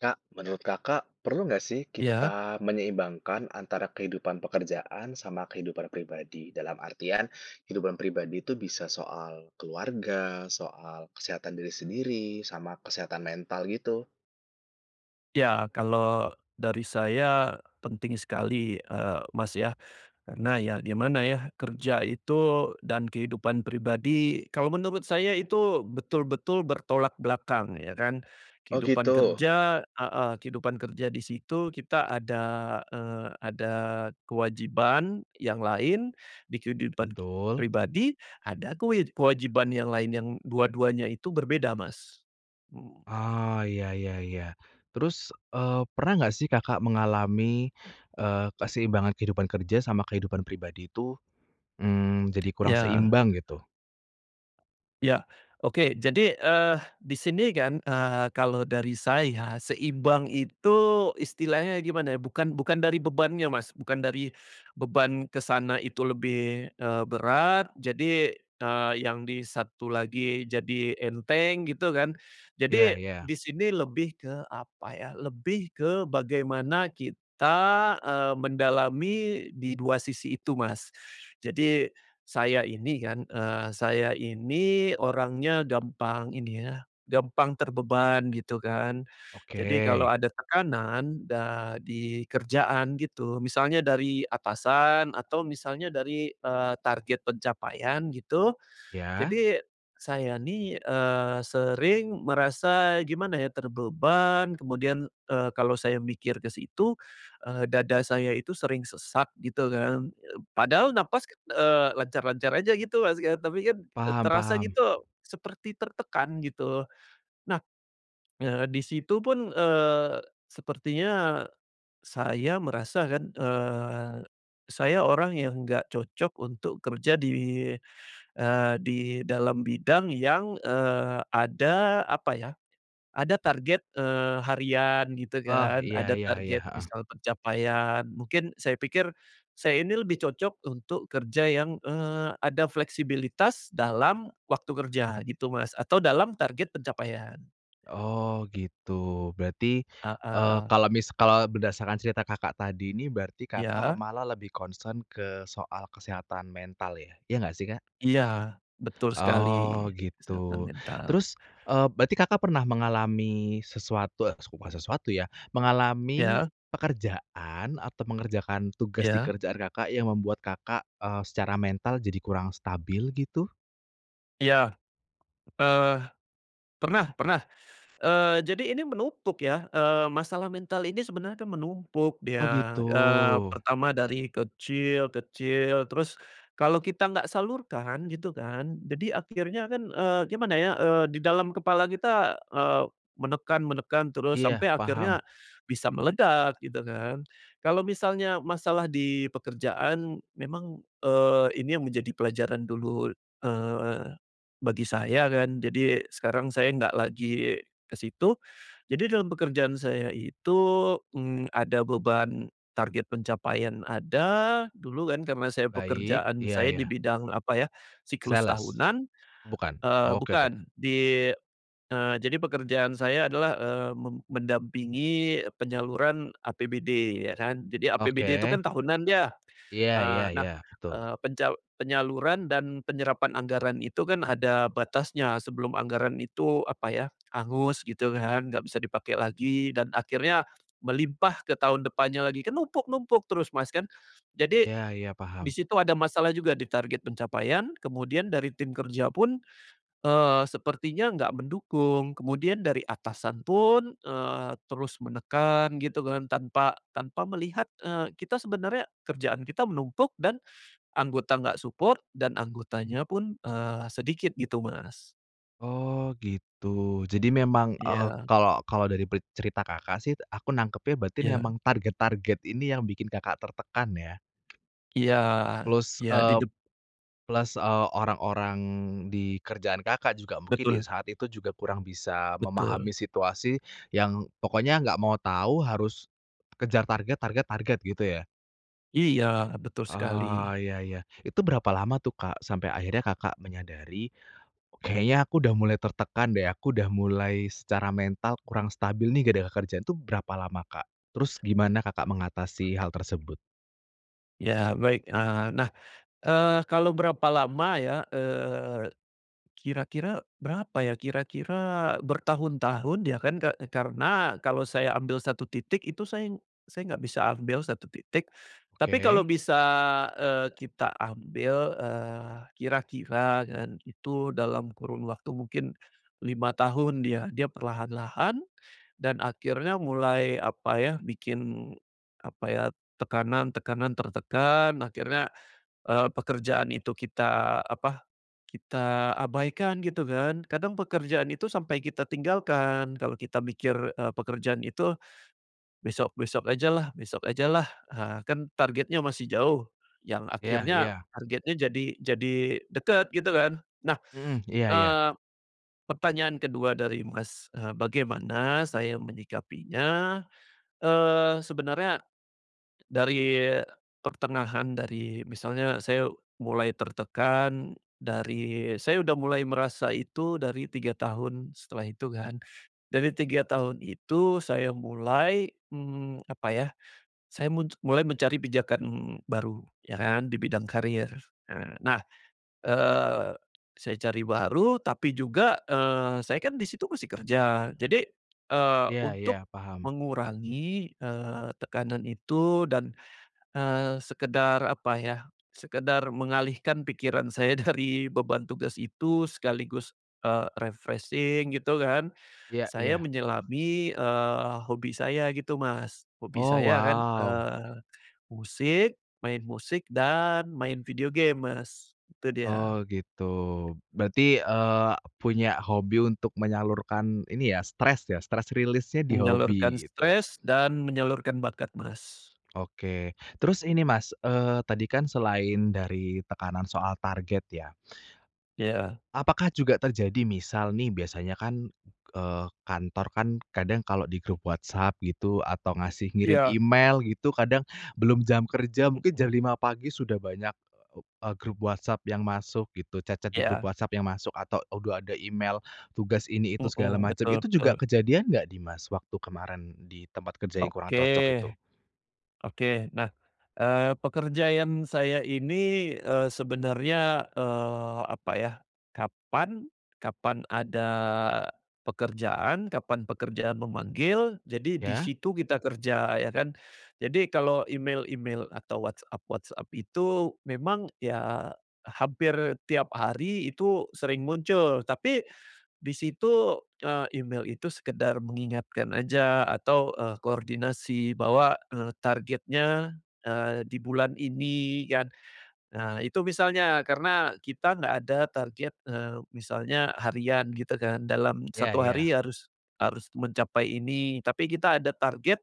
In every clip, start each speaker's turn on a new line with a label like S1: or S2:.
S1: Kak, menurut Kakak, perlu nggak sih
S2: Iya?
S1: kita menyeimbangkan antara kehidupan pekerjaan sama kehidupan pribadi? Dalam artian kehidupan pribadi itu bisa soal keluarga, soal kesehatan diri sendiri, sama kesehatan mental gitu?
S2: Iya, kalo dari saya penting sekali, eee, Mas ya. Karena ya gimana ya, kerja itu dan kehidupan pribadi, kalau menurut saya itu betul-betul bertolak belakang ya kan,
S1: Oh
S2: kehidupan
S1: gitu?
S2: kerja heeh, kehidupan kerja di situ kita ada, eee, ada kewajiban yang lain di kehidupan
S1: Betul.
S2: pribadi ada kewe kewajiban yang lain yang dua-duanya itu berbeda, Mas. Mhm.
S1: Oh, iya iya iya, terus, eee, pernah nggak sih Kakak mengalami, eee, keseimbangan kehidupan kerja sama kehidupan pribadi itu, mmm, jadi kurang
S2: Iya.
S1: seimbang, gitu?
S2: Ya, oke. Jadi, eee, di sini kan, eee, kalau dari saya seimbang itu istilahnya gimana ya? Bukan bukan dari bebannya Mas, bukan dari beban ke sana itu lebih, eee, berat jadi, eee, yang di satu lagi jadi enteng gitu kan.
S1: Iya
S2: Jadi
S1: iya.
S2: di sini lebih ke apa ya, lebih ke bagaimana kita, eee, mendalami di dua sisi itu Mas. Jadi saya ini kan, eee, saya ini orangnya gampang ini ya, gampang terbeban gitu kan, jadi
S1: Oke.
S2: kalau ada tekanan da di kerjaan gitu, misalnya dari atasan atau misalnya dari, eee, target pencapaian gitu,
S1: Iya.
S2: jadi saya nih, eee, sering merasa gimana ya terbebani, kemudian, eee, kalau saya mikir ke situ, eee, dada saya itu sering sesak gitu kan. Eb padahal napas, eee, lancar-lancar aja gitu Mas kan, tapi kan
S1: Paham
S2: terasa
S1: paham.
S2: gitu seperti tertekan gitu. Nah, eee, di situ pun, eee, sepertinya saya merasakan, eee, saya orang yang nggak cocok untuk kerja di, eee, di dalam bidang yang, eee, ada apa ya, ada target, eee, harian gitu
S1: Oh,
S2: kan,
S1: iya
S2: ada
S1: iya iya,
S2: target
S1: heeh.
S2: misal pencapaian mungkin saya pikir saya ini lebih cocok untuk kerja yang, eee, ada fleksibilitas dalam waktu kerja gitu Mas atau dalam target pencapaian.
S1: Oh gitu, berarti, eee,
S2: Heeh.
S1: kalau mis kalau berdasarkan cerita Kakak tadi ini, berarti Kakak
S2: Iya.
S1: malah lebih concern ke soal kesehatan mental ya? Ya gak sih, Kak?
S2: Iya, betul sekali,
S1: Oh
S2: kesehatan
S1: gitu.
S2: mental.
S1: Terus, eee, berarti Kakak pernah mengalami sesuatu, es bukan sesuatu ya, mengalami
S2: Iya.
S1: pekerjaan atau mengerjakan tugas di
S2: Iya.
S1: kerjaan Kakak yang membuat Kakak, eee, secara mental jadi kurang stabil, gitu?
S2: Iya. Eee, pernah pernah. Eee, jadi ini menumpuk ya, eee, masalah mental ini sebenarnya kan menumpuk
S1: Oh
S2: dia.
S1: gitu.
S2: Eee, pertama dari kecil kecil terus kalau kita nggak salurkan gitu kan, jadi akhirnya kan, eee, gimana ya, eee, di dalam kepala kita, eee, menekan menekan terus
S1: Iya,
S2: sampai akhirnya
S1: paham.
S2: bisa meledak, gitu kan. Kalau misalnya masalah di pekerjaan memang, eee, ini yang menjadi pelajaran dulu, eee, bagi saya kan, jadi sekarang saya nggak lagi ke situ. Jadi dalam pekerjaan saya itu, mmm, ada beban target pencapaian ada, dulu kan karna saya
S1: Baik,
S2: pekerjaan
S1: iya
S2: saya di
S1: iya.
S2: bidang apa ya, siklus
S1: Sales?
S2: tahunan,
S1: Bukan?
S2: eee,
S1: Oke oke.
S2: bukan, di eee, jadi pekerjaan saya adalah, eee, me mendampingi penyaluran APBD ya kan. Jadi APBD itu
S1: Oke.
S2: kan tahunan ya.
S1: Iya iya
S2: Eee, nah,
S1: iya. Betul.
S2: eee, penca penyaluran dan penyerapan anggaran itu kan ada batasnya sebelum anggaran itu apa ya, hangus gitu kan. Nggak bisa dipake lagi dan akhirnya melimpah ke tahun depannya lagi. Kan numpuk-numpuk terus Mas, kan? Jadi
S1: Iya iya,
S2: di
S1: paham.
S2: situ ada masalah juga di target pencapaian, kemudian dari tim kerja pun, eee, sepertinya nggak mendukung, kemudian dari atasan pun, eee, terus menekan gitu kan. Tanpa tanpa melihat, eee, kita sebenarnya kerjaan kita menumpuk dan anggota nggak support, dan anggotanya pun, eee, sedikit gitu Mas.
S1: Oh gitu jadi memang, eee,
S2: Iya.
S1: kalau kalau dari pe cerita Kakak sih aku nangkepnya berarti memang
S2: Iya.
S1: target-target ini yang bikin Kakak tertekan ya?
S2: Iya,
S1: Plus,
S2: iya
S1: eee,
S2: didep
S1: plus, eee, orang-orang di kerjaan Kakak juga mungkin di
S2: Betul.
S1: saat itu juga kurang bisa
S2: Betul.
S1: memahami situasi yang pokoknya nggak mau tahu harus, kejar target, target, target, gitu ya?
S2: Iya betul sekali.
S1: Oh iya iya. Itu berapa lama tuh Kak? Sampai akhirnya Kakak menyadari, kayaknya aku udah mulai tertekan deh, aku udah mulai secara mental kurang stabil nih gara-gara kerjaan itu berapa lama Kak? Terus gimana Kakak mengatasi hal tersebut?
S2: Ya baik, eee, nah, eee, kalau berapa lama ya, eee, kira-kira, berapa ya? Kira-kira, bertahun-tahun ya kan ke karena kalau saya ambil 1 titik itu saya, saya nggak bisa ambil 1 titik tapi kalau
S1: Oke.
S2: bisa, eee, kita ambil, eee, kira-kira kan itu dalam kurun waktu mungkin 5 tahun dia dia perlahan-lahan, dan akhirnya mulai apa ya, bikin apa ya, tekanan-tekanan tertekan, akhirnya, eee, pekerjaan itu kita apa, kita abaikan gitu kan kadang pekerjaan itu sampai kita tinggalkan kalau kita mikir, eee, pekerjaan itu, besok-besok ajalah besok ajalah, ah, kan targetnya masih jauh, yang
S1: Iya
S2: akhirnya
S1: iya.
S2: targetnya jadi jadi dekat gitu kan? Nah,
S1: Mhm, iya iya.
S2: eee, pertanyaan ke-2 dari Mas, eee, bagaimana saya menyikapinya, eee, sebenarnya, dari pertengahan dari, misalnya saya mulai tertekan, dari, saya udah mulai merasa itu dari 3 tahun setelah itu kan. Dari 3 tahun itu saya mulai, mmm, apa ya, saya muj mulai mencari pijakan baru, ya kan, di bidang karir. Nah, eee, saya cari baru tapi juga, eee, saya kan di situ masih kerja, jadi, eee,
S1: Iya
S2: untuk
S1: iya, paham.
S2: mengurangi, eee, tekanan itu dan, eee, sekedar apa ya sekedar mengalihkan pikiran saya dari beban tugas itu sekaligus, eee, refreshing gitu kan
S1: Iya
S2: saya
S1: iya.
S2: menyelami, eee, hobi saya gitu Mas hobi
S1: Oh
S2: saya kan,
S1: wow.
S2: eee, musik, main musik dan main video game Mas, itu dia.
S1: Oh gitu. Berarti, eee, punya hobi untuk menyalurkan ini ya, stres ya, stress release-nya di
S2: Menyalurkan
S1: hobi, gitu.
S2: stress dan menyalurkan bakat Mas.
S1: Oke, terus ini Mas, eee, tadi kan selain dari tekanan soal target ya.
S2: Iya.
S1: Apakah juga terjadi misal nih biasanya kan, eee, kantor kan, kadang kalau di grup WhatsApp gitu, atau ngasih ngirim
S2: Iya.
S1: email gitu kadang, belum jam kerja mungkin jam
S2: Mhm.
S1: 5 pagi sudah banyak, eee, grup WhatsApp yang masuk gitu chat-chat di grup
S2: Iya.
S1: WhatsApp yang masuk, atau udah ada email tugas ini itu segala
S2: Hmm,
S1: macam,
S2: betul
S1: itu juga
S2: betul.
S1: kejadian nggak di Mas, waktu kemarin, di tempat kerja yang kurang
S2: Oke,
S1: cocok itu?
S2: oke nah, eee, pekerjaan saya ini, eee, sebenarnya, eee, apa ya, kapan kapan ada, pekerjaan, kapan pekerjaan memanggil, jadi di
S1: Ya.
S2: situ kita kerja ya kan. Jadi kalau email-email atau WhatsApp-WhatsApp itu, memang ya, hampir tiap hari itu sering muncul, tapi, di situ, eee, email itu sekedar mengingatkan aja, atau, eee, koordinasi bahwa, eee, targetnya, eee, di bulan ini kan. Nah itu misalnya, karena kita nggak ada target, eee, misalnya harian gitu kan, dalam
S1: Ya
S2: 1
S1: iya.
S2: hari harus harus mencapai ini tapi kita ada target,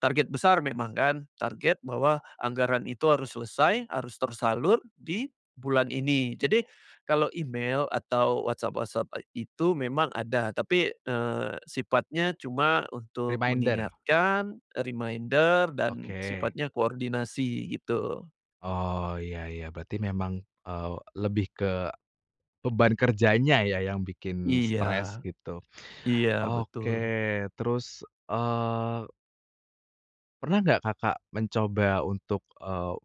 S2: target besar memang kan target bahwa anggaran itu harus selesai, harus tersalur, di bulan ini. Jadi, kalau email atau WhatsApp-WhatsApp e itu memang ada, tapi, eee, sifatnya cuma untuk
S1: Reminder.
S2: mengingatkan, e reminder, dan
S1: Oke.
S2: sifatnya koordinasi, gitu.
S1: Oh iya iya berarti memang, eee, lebih ke, beban kerjanya ya yang bikin
S2: Iya,
S1: stres gitu,
S2: iya
S1: oke
S2: betul.
S1: terus, eee pernah nggak Kakak mencoba untuk, eee,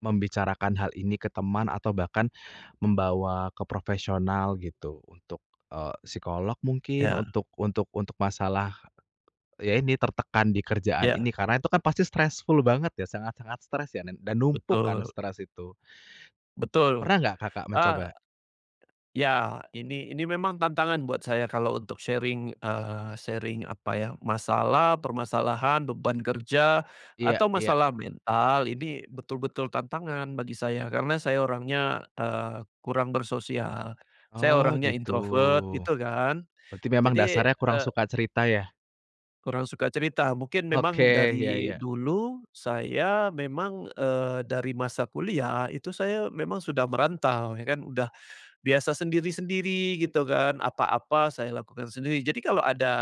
S1: membicarakan hal ini ke teman, atau bahkan, membawa ke profesional gitu, untuk, eee, psikolog mungkin
S2: Ya.
S1: untuk untuk untuk masalah, ya ini tertekan di kerjaan
S2: Ya.
S1: ini karena itu kan pasti stressful banget ya sangat-sangat stres ya dan dan numpuk karena
S2: Betul.
S1: stres itu.
S2: Betul.
S1: Pernah nggak Kakak
S2: Ah,
S1: mencoba?
S2: ya ini ini memang tantangan buat saya kalau untuk sharing, eee, sharing apa ya, masalah permasalahan beban kerja
S1: Iya
S2: atau
S1: iya.
S2: masalah mental, ini betul-betul tantangan bagi saya, karena saya orangnya, eee, kurang bersosial, saya
S1: Oh
S2: orangnya
S1: gitu,
S2: introvert gitu kan.
S1: berarti memang
S2: Jadi,
S1: dasarnya
S2: e
S1: kurang suka cerita ya?
S2: kurang suka cerita. Mungkin
S1: Oke,
S2: memang
S1: iya
S2: dari
S1: iya.
S2: dulu saya memang, eee, dari masa kuliah itu saya memang sudah merantau, ya kan, udah, biasa sendiri-sendiri gitu kan, apa-apa saya lakukan sendiri. Jadi kalau ada,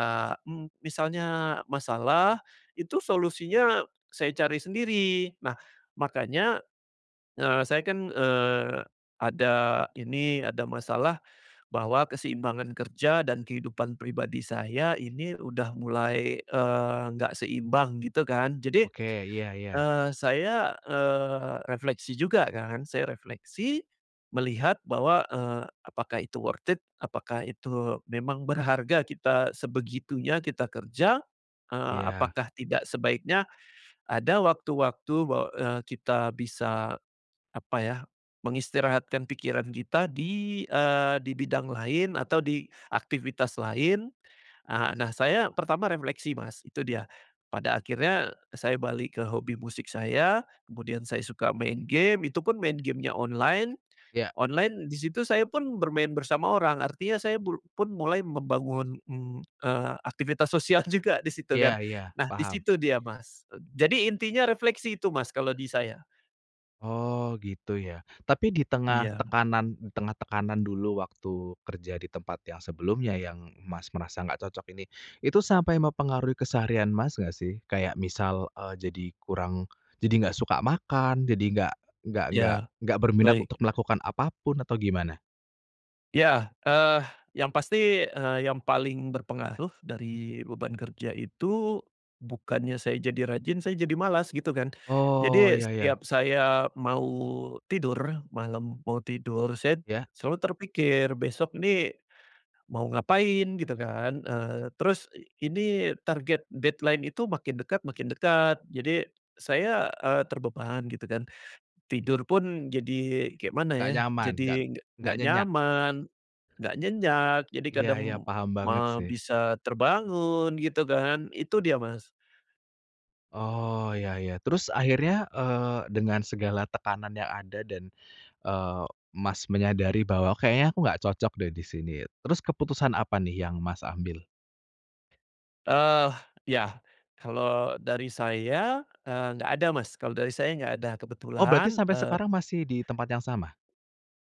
S2: mmm, misalnya masalah, itu solusinya saya cari sendiri. Nah, makanya, eee, saya kan, eee, ada ini ada masalah, bahwa keseimbangan kerja dan kehidupan pribadi saya ini udah mulai, eee, nggak seimbang, gitu kan. Jadi,
S1: Oke, iya iya.
S2: eee, saya, eee, refleksi juga kan, saya refleksi melihat bahwa, eee, apakah itu worth it? Apakah itu memang berharga kita sebegitunya kita kerja? Eee,
S1: Iya.
S2: apakah tidak sebaiknya, ada waktu-waktu bahwa, eee, kita bisa, apa ya mengistirahatkan pikiran kita di, eee, di bidang lain atau di aktivitas lain, eee, nah saya pertama refleksi Mas itu dia pada akhirnya saya balik ke hobi musik saya kemudian saya suka main game itu pun main game-nya online,
S1: Iya.
S2: online di situ saya pun bermain bersama orang artinya saya blu pun mulai membangun, mmm, eee, aktivitas sosial juga di situ
S1: Iya
S2: kan,
S1: iya,
S2: nah di
S1: paham.
S2: situ dia Mas, jadi intinya refleksi itu Mas kalau di saya.
S1: Oh gitu ya? Tapi di tengah
S2: Iya.
S1: tekanan di tengah tekanan dulu waktu kerja di tempat yang sebelumnya yang Mas merasa nggak cocok ini, itu sampai mempengaruhi keseharian Mas nggak sih? Kayak misal, eee, jadi kurang, jadi nggak suka makan jadi nggak nggak
S2: Iya,
S1: nggak berminat
S2: baik.
S1: untuk melakukan apapun atau gimana?
S2: Iya, eee, yang pasti, eee, yang paling berpengaruh dari beban kerja itu bukannya saya jadi rajin saya jadi malas gitu kan.
S1: Oh
S2: Jadi
S1: iya iya.
S2: setiap saya mau tidur malam, mau tidur, saya
S1: Iya.
S2: selalu terpikir, "Besok nih, mau ngapain?" Gitu kan, eee, terus ini target deadline itu makin dekat makin dekat jadi saya, eee, terbeban, gitu kan. Tidur pun jadi kayak mana
S1: Gak
S2: ya,
S1: nyaman, nggak
S2: jadi
S1: nggak
S2: nggak
S1: nyenyak.
S2: nyaman, nggak nyenyak jadi
S1: Iya
S2: kadang
S1: iya paham banget
S2: ma
S1: sih.
S2: bisa terbangun, gitu kan. Itu dia Mas.
S1: Oh, iya iya. Terus akhirnya, eee, dengan segala tekanan yang ada dan, eee, Mas menyadari bahwa, "Kayaknya aku nggak cocok, deh, di sini." Terus keputusan apa, nih, yang Mas ambil?
S2: Ah, iya. Kalau dari saya, eee, nggak ada, Mas, kalau dari saya nggak ada,
S1: Oh, berarti
S2: kebetulan,
S1: sampai
S2: eee
S1: sekarang masih di tempat yang sama?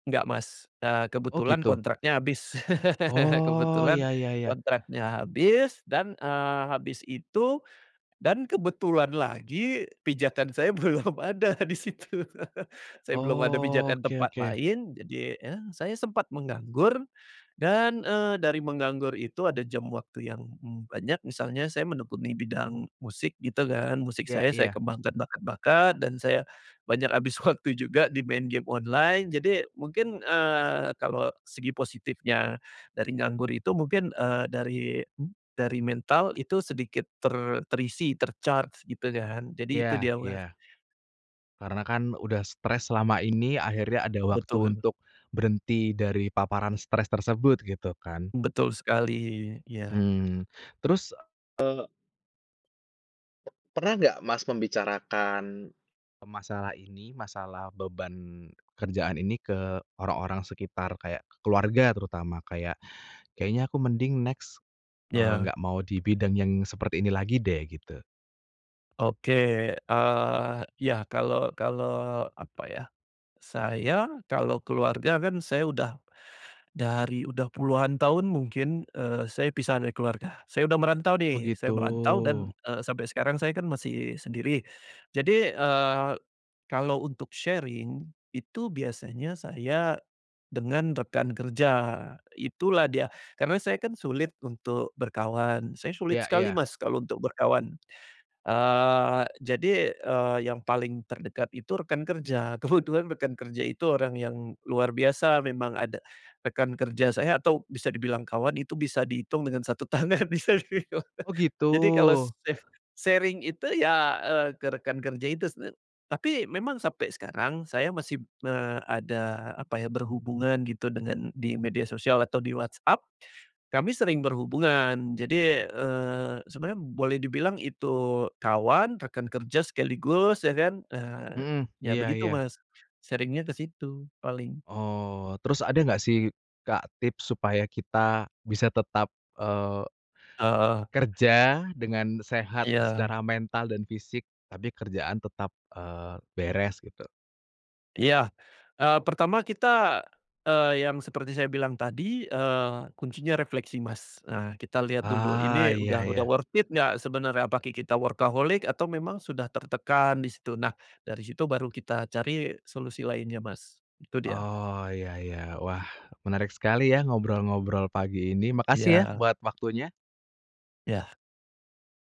S2: Enggak, Mas, eee,
S1: Oh,
S2: kebetulan
S1: gitu.
S2: kontraknya habis
S1: Oh,
S2: kebetulan
S1: ya ya ya.
S2: kontraknya habis dan, eee, habis itu dan kebetulan lagi pijakan saya belum ada di situ. Saya belum ada
S1: Oh,
S2: pijakan
S1: oke
S2: tempat
S1: oke.
S2: lain, jadi, ya, saya sempat menganggur dan, eee, dari menganggur itu ada jam waktu yang banyak. Misalnya saya menekuni bidang musik, gitu, kan, musik
S1: Iya
S2: saya, saya
S1: iya.
S2: kembangkan bakat-bakat dan saya banyak habis waktu juga di main game online. Jadi mungkin, eee, kalau segi positifnya dari nganggur itu mungkin, eee, dari dari mental itu sedikit ter terisi, ter-charge, gitu, kan. Jadi itu
S1: Iya
S2: dia Mas.
S1: iya. Karena, kan, udah stres selama ini, akhirnya ada waktu
S2: Betul.
S1: untuk berhenti dari paparan stres tersebut, gitu, kan.
S2: Betul sekali, iya.
S1: Hmm, terus, eee Pernah nggak, Mas, membicarakan masalah ini? Masalah beban kerjaan ini ke orang-orang sekitar kayak keluarga terutama, kayak, "Kayaknya aku mending next, eee,
S2: Ya.
S1: nggak mau di bidang yang seperti ini lagi, deh." Gitu?
S2: Oke, eee, ya, kalau kalau apa, ya, saya kalau keluarga, kan, saya udah dari udah puluhan tahun mungkin, eee, saya pisah dari keluarga. Saya udah merantau,
S1: Oh,
S2: nih, saya
S1: gitu.
S2: merantau dan, eee, sampai sekarang saya, kan, masih sendiri. Jadi, eee, kalau untuk sharing itu biasanya saya dengan rekan kerja, itulah dia. Karena saya, kan, sulit untuk berkawan. Saya sulit
S1: Ya
S2: sekali,
S1: ya.
S2: Mas, kalau untuk berkawan. Eee, jadi, eee, yang paling terdekat itu rekan kerja, kebetulan rekan kerja itu orang yang luar biasa memang, ada rekan kerja saya atau bisa dibilang kawan itu bisa dihitung dengan 1 tangan di sini, Mas.
S1: Oh, gitu.
S2: Jadi kalau saya sharing itu, ya, eee, ke rekan kerja itu, sebenarnya. Tapi memang sampai sekarang saya masih me ada apa, ya, berhubungan, gitu, dengan di media sosial atau di WhatsApp, kami sering berhubungan. Jadi, eee, sebenarnya boleh dibilang itu kawan, rekan kerja sekaligus, ya, kan, ah,
S1: Mhm,
S2: ya,
S1: iya
S2: begitu,
S1: iya.
S2: Mas, sharing-nya ke situ paling.
S1: Oh, terus ada nggak, sih, Kak, tips supaya kita bisa tetap, eee
S2: Oh.
S1: kerja dengan sehat
S2: Iya.
S1: secara mental dan fisik tapi kerjaan tetap, eee, beres, gitu?
S2: Iya. Eee, pertama kita, eee, yang seperti saya bilang tadi, eee, kuncinya refleksi, Mas. Nah, kita lihat dulu
S1: Ah,
S2: ini
S1: iya
S2: udah udah
S1: iya.
S2: worth it nggak sebenarnya, apakah kita workaholic, atau memang sudah tertekan di situ, nah, dari situ baru kita cari solusi lainnya, Mas, itu dia.
S1: Oh, iya iya, wah, menarik sekali, ya, ngobrol-ngobrol pagi ini. Makasih, ya,
S2: Iya.
S1: buat waktunya.
S2: Iya.